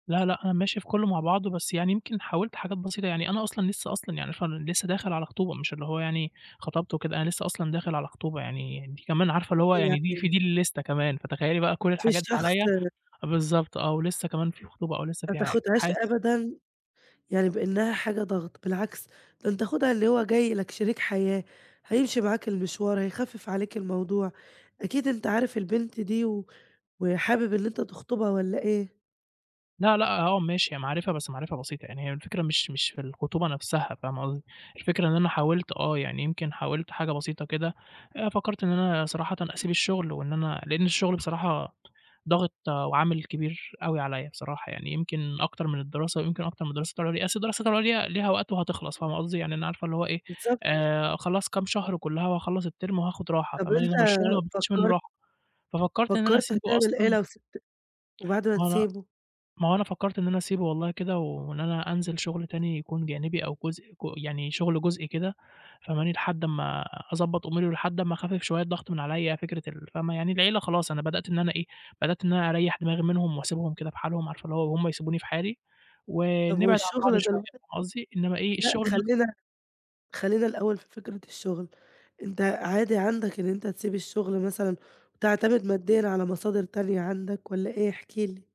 لأ، لأ، أنا ماشي في كلّه مع بعضه، بس يعني يمكن حاولت حاجات بسيطة، يعني أنا أصلًا لسّه أصلًا يعني ف لسّه داخل على خطوبة ومش اللي هو يعني، خطبت وكده. أنا لسّه أصلًا داخل على خطوبة يعني، دي كمان عارفة اللي هو يعني دي في [unintelligible] دي اللستة كمان، فتخيّلي بقى كل في الحاجات دي الشخص عليّا، آآ بالضبط آه، ولسّه كمان في خطوبة أو لسّه ما في حاجة تاخدهاش [unintelligible] أبدًا يعني بإنّها حاجة ضغط، بالعكس، ده أنت خدها اللي هو جاي لك شريك حياة، هيمشي معاك المشوار، هيخفف عليك الموضوع. أكيد أنت عارف البنت دي و وحابب إن أنت تخطبها والّا إيه؟ لأ، لأ، آه ماشي، هي معرفة بس معرفة بسيطة يعني، هي الفكرة مش مش في الخطوبة نفسها، فاهمة قصدي، الفكرة إن أنا حاولت آه، يعني يمكن حاولت حاجة بسيطة كده، آآ، فكرت إن أنا صراحةً أسيب الشغل وإن أنا لأن الشغل بصراحة، ضاغط وعامل كبير أوي عليّا، بصراحة يعني يمكن أكتر من الدراسة، ويمكن أكتر من الدراسات العُليا، أصل الدراسة العُليا ليها وقت وهتخلص، فاهمة قصدي، يعني أنا عارفة اللي هو إيه، بالضبط. آآ، خلاص كام شهر كلّها وأخلّص التيرم وهاخد راحة طب فاهماني، أنت إنما الشغل ما بناخدش منّه فكرت راحة، ففكرت إن أنا فكرت أسيبه هتعمل إيه أصلًا لو سِبت وبعد ما ما هو أنا تسيبه؟ ما هو أنا فكرت إن أنا أسيبه والله كده، وإن أنا أنزل شغل تاني يكون جانبي أو جزء ج يعني شغل جزئي كده، فاهماني، لحد أمّا أضبط أموري ولحد أمّا أخفّف شويّة الضغط من عليّا، فكرة ال فاهمة، يعني العيلة خلاص أنا بدأت إن أنا إيه، بدأت إن أنا أريّح دماغي منهم وأسيبهم كده بحالهم، عارفة اللي هو وهُم يسيبوني في حالي، طب ونبعد عن بعض والشغل شويّة دلوقتي فاهمة قصدي، إنّما إيه لا الشغل نفسه خلّينا خلّينا الأوّل في فكرة الشغل، أنت عادي عندك إن أنت تسيب الشغل مثلًا، وتعتمد ماديًا على مصادر تانية عندك والّا إيه؟ احكِ لي.